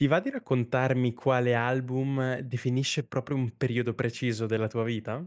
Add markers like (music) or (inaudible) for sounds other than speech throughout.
Ti va di raccontarmi quale album definisce proprio un periodo preciso della tua vita?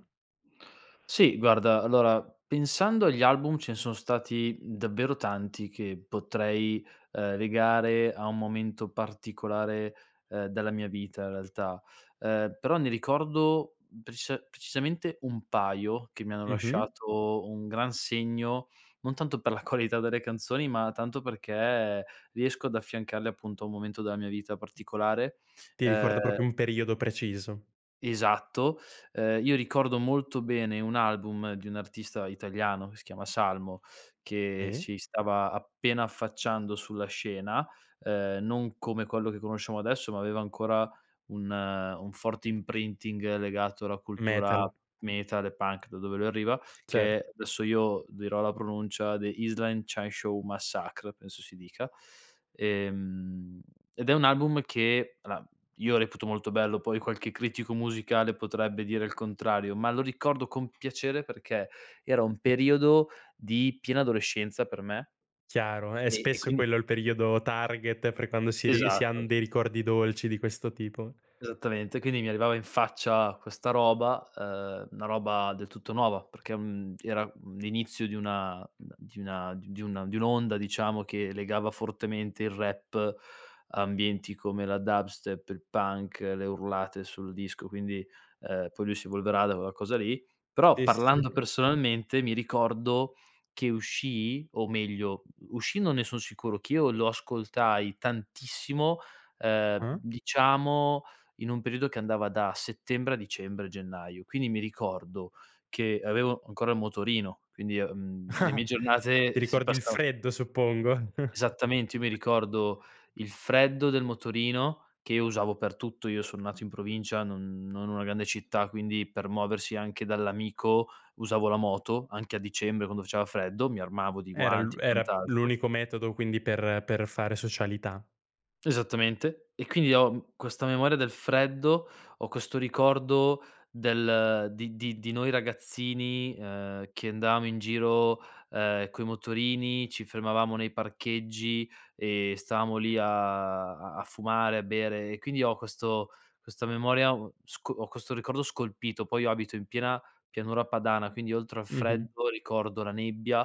Sì, guarda, allora, pensando agli album, ce ne son stati davvero tanti che potrei, uhm, legare a un momento particolare, uhm, della mia vita in realtà, uhm, però ne ricordo precisa precisamente un paio che mi hanno Mh-mh. lasciato un gran segno, non tanto per la qualità delle canzoni ma tanto perché riesco ad affiancarle appunto a un momento della mia vita particolare, Ti ricorda ehm proprio un periodo preciso. Esatto. Ehm, io ricordo molto bene un album di un artista italiano, che si chiama Salmo, che E si stava appena affacciando sulla scena, ehm, non come quello che conosciamo adesso ma aveva ancora un un forte imprinting legato alla cultura Metal. metal e punk, da dove lui arriva, Cer che adesso io dirò la pronuncia The Island Chain Show Massacre penso si dica, ehm, ed è un album che alla, io reputo molto bello, poi qualche critico musicale potrebbe dire il contrario, ma lo ricordo con piacere perché era un periodo di piena adolescenza per me. Chiaro, eh, E e spesso è quindi quello il periodo target per quando si ri si han Esatto. dei ricordi dolci di questo tipo. Esattamente, quindi mi arrivava in faccia questa roba, uhm, una roba del tutto nuova perché, mhmm, era, mhmm, l'inizio di una di una di una d dun di un'onda diciamo che legava fortemente il rap, ambienti come la dubstep, il punk, le urlate sul disco quindi, ehm, poi lui si evolverà da quella cosa lì. Però, Sì, parlando sì. personalmente, mi ricordo che uscì o meglio, uscì non ne son sicuro, che io lo ascoltai tantissimo, ehm, Uh. diciamo in un periodo che andava da settembre a dicembre-gennaio. Quindi mi ricordo che avevo ancora il motorino, quindi, uhm, le mie (chuckles) Ti giornate, si ricordi il passava freddo, suppongo. Esattamente. Io mi (chuckles) ricordo il freddo del motorino che io usavo per tutto. Io son nato in provincia, non non una grande città, quindi per muoversi anche dall'amico usavo la moto, anche a dicembre quando faceva freddo, mi armavo di Era lu guanti e era quant'altro. l'unico metodo quindi per per fare socialità. Esattamente, e quindi ho, mhmm, questa memoria del freddo, ho questo ricordo del di di di noi ragazzini, ehm, che andavamo in giro, ehm, coi motorini, ci fermavamo nei parcheggi e stavamo lì a a a fumare, a bere e quindi ho questo questa memoria, uhm, sco ho questo ricordo scolpito, poi io abito in piena Pianura Padana, quindi oltre al Mh-mh. freddo ricordo la nebbia,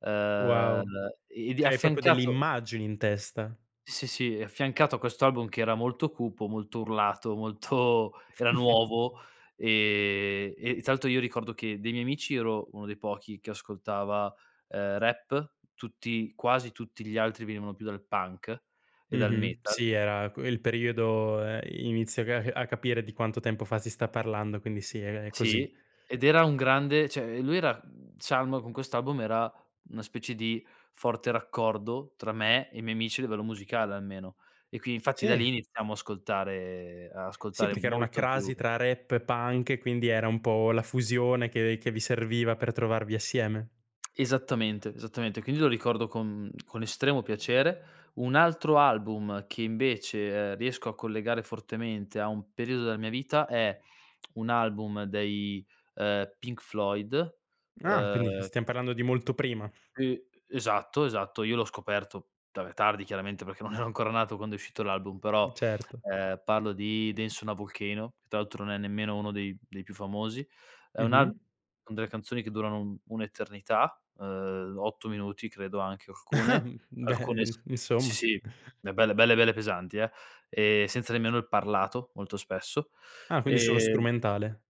ehm. Wow. Ed è Cioè hai proprio delle affiancato immagini in testa. Sì, sì, sì, è affiancato a questo album che era molto cupo, molto urlato, molto era nuovo, (chuckles) ehm, e tra l'altro io ricordo che dei miei amici io ero uno dei pochi che ascoltava, ehm, rap, tutti quasi tutti gli altri venivano più dal punk e dal Mh-mh. metal. Sì, era que il periodo ehm, inizio a ca a capire di quanto tempo fa si sta parlando. Quindi sì, è è così. Sì, ed era un grande cioè, ehm, lui era mhmm, Salmo con quest'album era una specie di forte raccordo tra me e i miei amici a livello musicale almeno. E qui infatti da Sì. lì iniziamo a ascoltare a Sì, ascoltare perché era una molto più crasi tra rap e punk, e quindi era un po' la fusione che che vi serviva per trovarvi assieme. Esattamente, esattamente, quindi lo ricordo con con estremo piacere. Un altro album che invece, ehm, riesco a collegare fortemente a un periodo della mia vita è un album dei, ehm, Pink Floyd, Ah, quindi uhm stiam parlando di molto prima. Uh, esatto esatto, io l'ho scoperto vabbè tardi chiaramente perché non ero ancora nato quando è uscito l'album, però, Mh, certo. ehm, parlo di Dance on a Volcano che tra l'altro non è nemmeno uno dei dei più famosi. È un al Mh-mh. con delle canzoni che durano un un'eternità, ehm, 8 minuti credo anche, (laughs) alcune, Mh, beh, alcune s i sì insomma. sì, eh belle, belle, belle pesanti, eh, e senza nemmeno il parlato, molto spesso. Ah, quindi solo Ehm strumentale.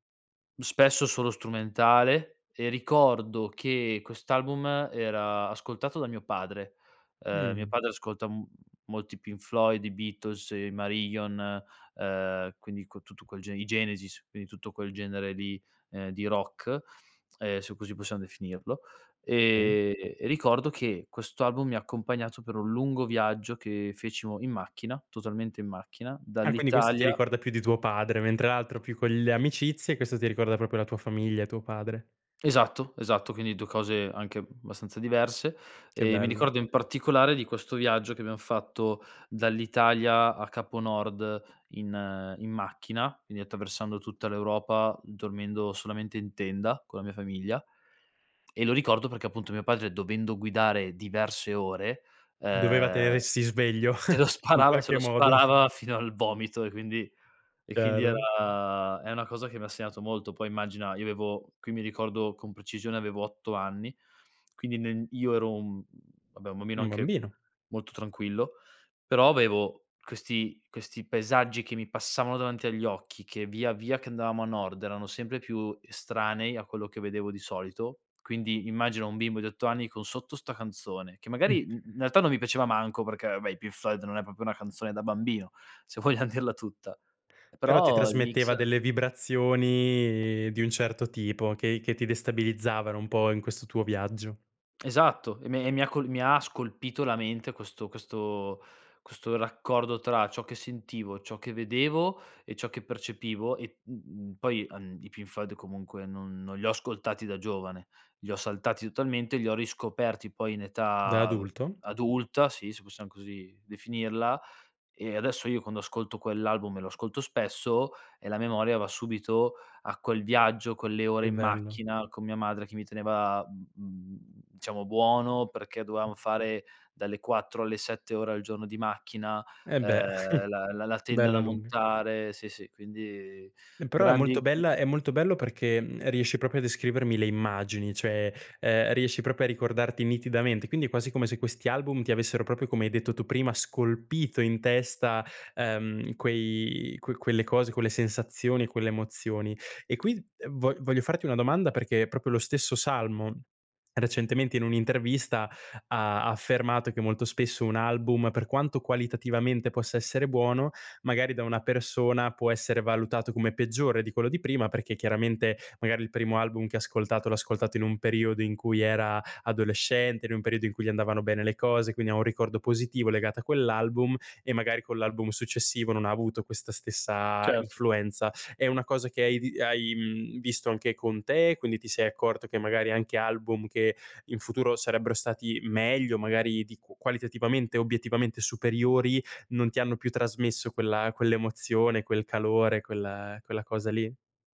Spesso solo strumentale e ricordo che quest'album era ascoltato da mio padre, uhm, mio Mh. padre ascolta m molto i Pink Floyd, i Beatles, i Marillion, uhm, quindi q tutto quel gene i Genesis, quindi tutto quel genere di, uhm, di rock, ehm, se così possiam definirlo, Sì. ehm, e ricordo che questo album mi ha accompagnato per un lungo viaggio che fecimo in macchina, totalmente in macchina, Ah, quindi questo ti dall'Italia ricorda più di tuo padre, mentre l'altro più con le E amicizie, questo ti ricorda proprio la tua famiglia e tuo padre. Esatto, esatto, quindi 2 cose anche abbastanza diverse, Che ehm, mi bello. ricordo in particolare di questo viaggio che abbiam fatto dall'Italia a Capo Nord, in in macchina, quindi attraversando tutta l'Europa, dormendo solamente in tenda con la mia famiglia. E lo ricordo perché, appunto, mio padre dovendo guidare diverse ore, Doveva ehm, tenersi sveglio se (chuckles) lo in sparava se qualche lo modo. sparava fino al vomito e quindi e quindi Chiaro. era è una cosa che mi ha segnato molto, poi immagina, io avevo qui mi ricordo con precisione avevo 8 anni, quindi n io ero un mhmm, vabbè un bambino Un anche, bambino. molto tranquillo. Però avevo questi questi paesaggi che mi passavano davanti agli occhi che, via via che andavamo a nord, erano sempre più estranei, a quello che vedevo di solito, quindi immagina un bimbo di 8 anni con sotto 'sta canzone; che Mh. magari, mhmm, in realtà non mi piaceva manco perché vabbè i Pink Floyd non è proprio una canzone da bambino, se vogliam dirla tutta, e Però ti però il mix trasmetteva delle vibrazioni di un certo tipo che che ti destabilizzavano un po' in questo tuo viaggio. Esatto, e me e mi ha co mi ha scolpito la mente questo questo questo raccordo tra ciò che sentivo, ciò che vedevo e ciò che percepivo e, mhmm, poi, ehm, i Pink Floyd comunque non non li ho ascoltati da giovane. Li ho saltati totalmente, e li ho riscoperti poi in Da età adulto? adulta, sì, se possiam così definirla. E adesso io quando ascolto quell'album, e lo ascolto spesso, e la memoria va subito a quel viaggio, quelle ore Che in bello. macchina con mia madre che mi teneva, mhmm, diciamo buono, perché dovevamo fare dalle 4 alle 7 ore al giorno di macchina, Eh beh, ehm, la la (chuckles) la tenda da bella lunga. montare, sì sì, quindi E però è grandi molto (unintelligible) bella è molto bello perché, mhmm, riesci proprio a descrivermi le immagini, cioè, ehm, riesci proprio a ricordarti nitidamente, quindi è quasi come se questi album ti avessero proprio come hai detto tu prima, scolpito in testa, ehm, quei que quelle cose, quelle sensazioni e quelle emozioni. E qui, ehm, vo voglio farti una domanda, perché è proprio lo stesso Salmo, recentemente in un'intervista ha ha affermato che molto spesso, un album per quanto qualitativamente possa essere buono, magari da una persona, può essere valutato come peggiore di quello di prima, perché chiaramente, magari il primo album che ha ascoltato l'ha ascoltato in un periodo in cui era adolescente, in un periodo in cui gli andavano bene le cose, quindi ha un ricordo positivo legato a quell'album. E magari con l'album successivo, non ha avuto questa stessa Certo. influenza. È una cosa che hai vi hai, mhmm, visto anche con te? Quindi ti sei accorto che magari anche album che, in futuro sarebbero stati meglio, magari di qu qualitativamente e obiettivamente superiori, non ti hanno più trasmesso quella quell'emozione, quel calore, quella quella cosa lì?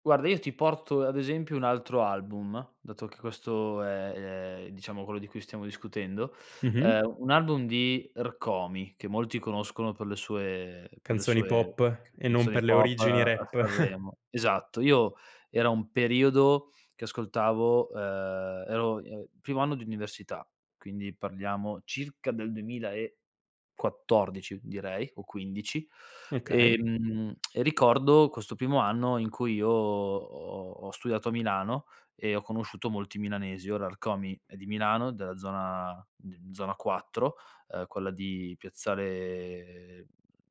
Guarda io ti porto, ad esempio, un altro album, dato che questo è, ehm, diciamo quello di cui stiamo discutendo. Mh-mh. Uhm, un album di Rkomi che molti conoscono per le sue per le Canzoni sue pop c e non canzoni per le pop origini a rap. (chuckles) Sanremo Esatto, io era un periodo che ascoltavo uhm, ero, uhm, primo anno di università, quindi parliamo circa del 2014 direi o 15. Okay. Ehm, e ricordo questo primo anno in cui io ho ho studiato a Milano, e ho conosciuto molti milanesi. Ora Rkomi è di Milano della zona, d zona 4, uhm, quella di piazzale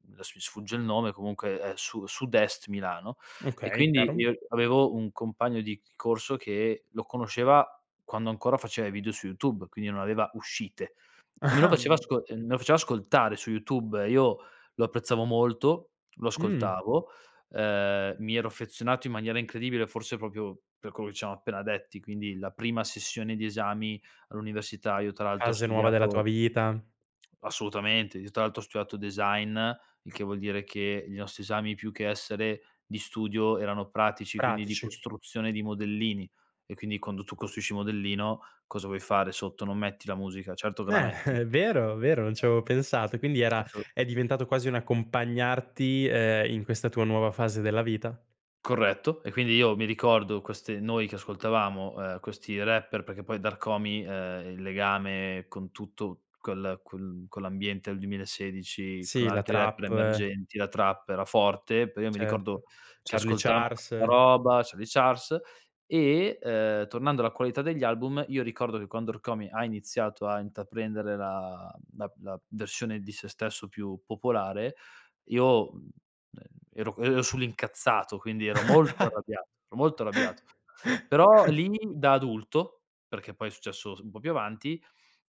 mhmm, adesso mi sfugge il nome comunque è su sud-est Milano, e Okay, quindi chiaro. io avevo un compagno di corso che lo conosceva, quando ancora faceva i video su YouTube, quindi non aveva uscite. E me lo faceva (chuckles) asco e me lo faceva ascoltare su YouTube. Io lo apprezzavo molto, lo Mh. ascoltavo, uhm, mi ero affezionato in maniera incredibile forse proprio per quello che c amo appena detti, quindi la prima sessione di esami all'università io tra l'altro ho Fase nuova della tua studiato vita. Assolutamente, io tra l'altro ho studiato design, il che vuol dire che i nostri esami più che essere di studio erano pratici, quindi di Pratici. costruzione di modellini. E quindi quando tu costruisci modellino, che cosa vuoi fare sotto, non metti la musica? Certo Eh, che la (chuckles) metti. vero, vero, non ci avevo pensato, quindi era (unintelligible) è diventato quasi un accompagnarti, ehm, in questa tua nuova fase della vita. Corretto e quindi io mi ricordo queste noi che ascoltavamo, uhm, questi rapper, perché poi da Rkomi, uhm, il legame con tutto col quel con l'ambiente del 2016, con Sì, la altri rapper trap. emergenti, la trap era forte, poi io mi ricordo Certo, che Charlie ascoltavamo questa Charles. roba, Charlie Charles, e, uhm, tornando alla qualità degli album, io ricordo che quando Rkomi ha iniziato a intraprendere la mhmm, la la versione di sé stesso più popolare, io, mhmm, e ero ero sull'incazzato, quindi ero molto arrabbiato, ero molto arrabbiato. Però (chuckles) lì da adulto, perché poi è successo s un po' più avanti,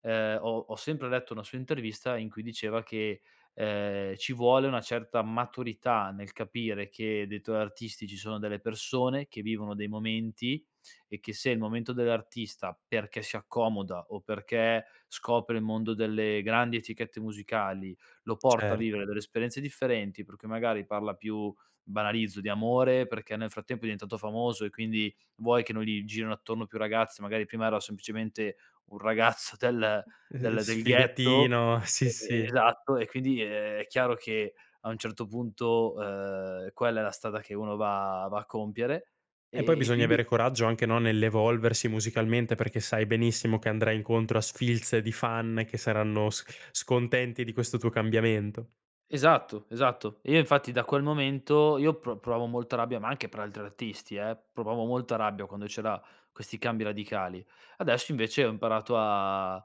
uhm, ho ho sempre letto una sua intervista in cui diceva che, uhm, ci vuole una certa maturità nel capire che dei tuoi artisti ci sono delle persone che vivono dei momenti, e che se il momento dell'artista, perché si accomoda o perché scopre il mondo delle grandi etichette musicali, lo porta a Certo. vivere delle esperienze differenti, per cui magari parla più, banalizzo, di amore, perché nel frattempo è diventato famoso e quindi, vuoi che non gli girino attorno più ragazze, magari prima era semplicemente un ragazzo del Ehm, ehm, del del ghetto sfigatino. Sì, e sì. esatto e quindi è è chiaro che a un certo punto, uhm, quella è la strada che uno va va a compiere e E poi e e bisogna avere quindi coraggio anche, no, nell'evolversi musicalmente perché sai benissimo che andrai incontro a sfilze di fan che saranno s scontenti di questo tuo cambiamento. Esatto, esatto, e io infatti da quel momento io pro provavo molta rabbia, ma anche per altri artisti eh? Provavo molta rabbia quando c'era questi cambi radicali. Adesso invece ho imparato a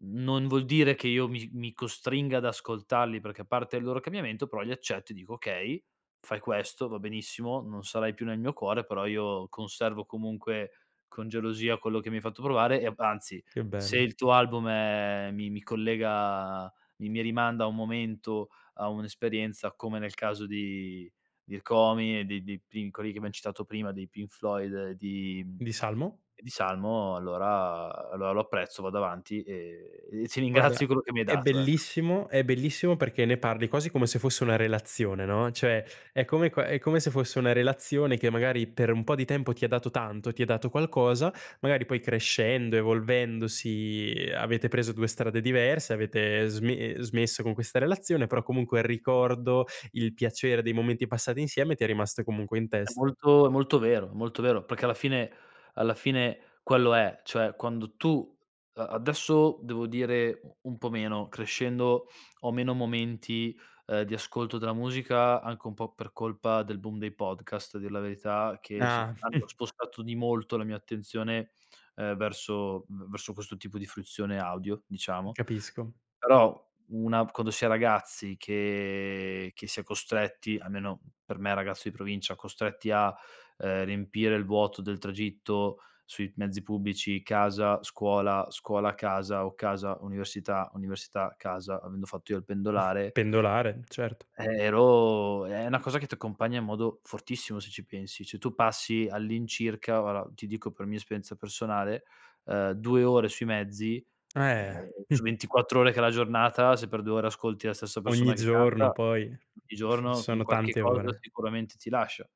non vuol dire che io mi mi costringa ad ascoltarli perché, a parte il loro cambiamento, però li accetto e dico: "Okay, fai questo, va benissimo, non sarai più nel mio cuore però io conservo comunque con gelosia quello che mi hai fatto provare e, anzi, Che se bello. il tuo album è mi mi collega mi mi rimanda a un momento, a un'esperienza come nel caso di, di Rkomi e di di pri quelli che abbiam citato prima, dei Pink Floyd e di, Di (smacks lips) Salmo? e di Salmo, allora, allora lo apprezzo, vado avanti e e ti ringrazio di Guarda, quello che mi hai è dato, ecco. bellissimo è bellissimo perché ne parli quasi come se fosse una relazione, no, cioè, è come qua è come se fosse una relazione che magari per un po' di tempo ti ha dato tanto, ti ha dato qualcosa, magari poi crescendo, evolvendosi avete preso 2 strade diverse, avete sme smesso con questa relazione, però comunque il ricordo, il piacere dei momenti passati insieme ti è rimasto comunque in È testa. molto è molto vero, è molto vero, perché alla fine, alla fine quello è, cioè quando tu, ehm adesso devo dire u un po' meno, crescendo, ho meno momenti, ehm, di ascolto della musica, anche un po' per colpa del boom dei podcast, a dir la verità che, sì, Ah. hanno (chuckles) spostato di molto la mia attenzione, ehm, verso v verso questo tipo di fruizione audio, diciamo. Capisco. Però una quando si è ragazzi che che si è costretti- almeno per me, ragazzo di provincia- costretti a, ehm, riempire il vuoto del tragitto, sui mezzi pubblici, casa, scuola, scuola-casa o casa-università, università-casa, avendo fatto io il (chuckles) pendolare Pendolare, certo. e ero è una cosa che ti accompagna in modo fortissimo, se ci pensi, cioè tu passi all'incirca, guarda, ti dico per mia esperienza personale, ehm, 2 ore sui mezzi, Eh! ehm, Mh. su 24 ore che è la giornata, se per 2 ore ascolti la stessa Ogni persona che canta, giorno, poi, ogni f giorno, un sono qualche tante cosa ore. sicuramente ti lascia.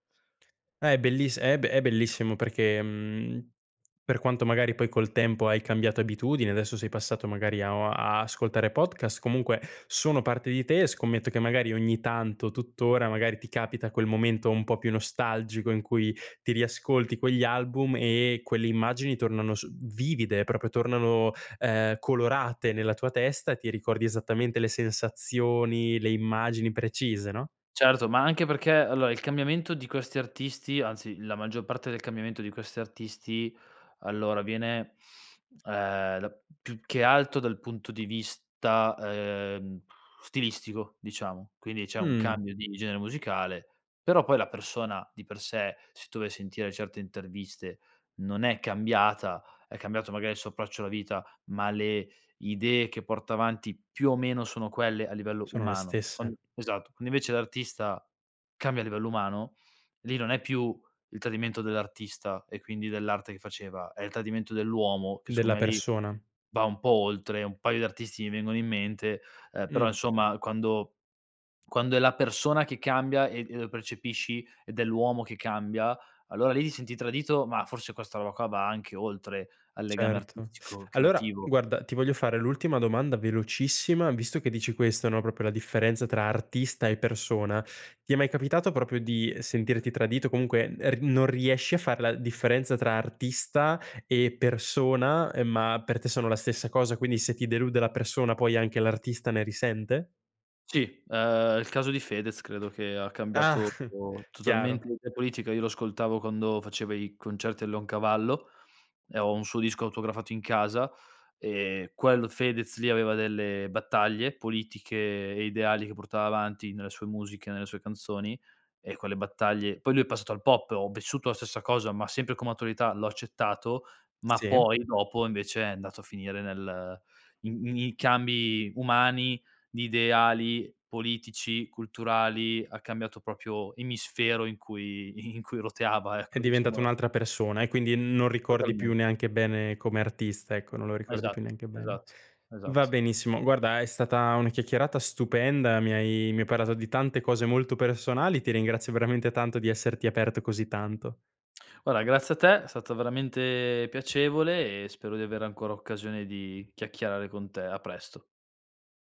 Eh è belliss è b è bellissimo perché, uhm, per quanto magari poi col tempo hai cambiato abitudine, adesso sei passato magari a o a ascoltare podcast, comunque, sono parte di te, e scommetto che magari ogni tanto, tutt'ora, magari ti capita quel momento un po' più nostalgico, in cui ti riascolti quegli album e quelle immagini tornano s vivide, proprio tornano, ehm, colorate nella tua testa, ti ricordi esattamente le sensazioni, le immagini precise, no? Certo, ma anche perché allora, il cambiamento di questi artisti anzi la maggior parte del cambiamento di questi artisti, allora avviene, uhm, da più che alto dal punto di vista, uhm, (blows air) stilistico, diciamo, quindi c'è un Mh. cambio di genere musicale, però poi la persona di per sé, se tu vai a sentire certe interviste, non è cambiata, è cambiato magari il suo approccio alla vita, ma le idee che porta avanti più o meno sono quelle a livello Sono le umano. Con stesse. esatto, quando invece l'artista, cambia a livello umano, lì non è più il tradimento dell'artista e quindi dell'arte che faceva, è il tradimento dell'uomo che Della secondo me lì, persona. va un po' oltre, un paio di artisti mi vengono in mente, uhm, però Mh. insomma quando quando è la persona che cambia e e lo percepisci ed è l'uomo che cambia, allora lì ti senti tradito, ma forse questa roba qua va anche oltre al legame Certo. artistico Allora, creativo. guarda, ti voglio fare l'ultima domanda velocissima, visto che dici questo, no, proprio la differenza tra artista e persona. Ti è mai capitato proprio di, ehm, sentirti tradito? Comunque e r non riesci a far la differenza tra artista e persona, ehm, ma per te sono la stessa cosa. Quindi se ti delude la persona, poi anche l'artista ne risente? Sì, uhm, il caso di Fedez credo che ha Ah, cambiato chiaro. totalmente l'idea politica, io lo ascoltavo quando faceva i concerti al Leon Cavallo, e ho un suo disco autografato in casa, e quel Fedez lì aveva delle battaglie politiche e ideali che portava avanti nelle sue musiche, nelle sue canzoni, ecco le battaglie poi lui è passato al pop, ho vissuto la stessa cosa, ma sempre come attualità l'ho accettato, ma Sì. poi dopo invece è andato a finire nel i m i i cambi umani, di ideali, politici, culturali, ha cambiato proprio emisfero in cui in cui roteava È ecco, diventato diciamola un'altra persona e quindi n non ricordi Totalmen più neanche bene come artista, ecco, non lo ricordi Esatto. più neanche bene Esatto. va Esatto. benissimo, guarda è stata una chiacchierata stupenda, mi hai mi hai parlato di tante cose molto personali, ti ringrazio veramente tanto di esserti aperto così tanto. Guarda, grazie a te, è stato veramente piacevole e spero di avere ancora occasione di chiacchierare con te, a presto.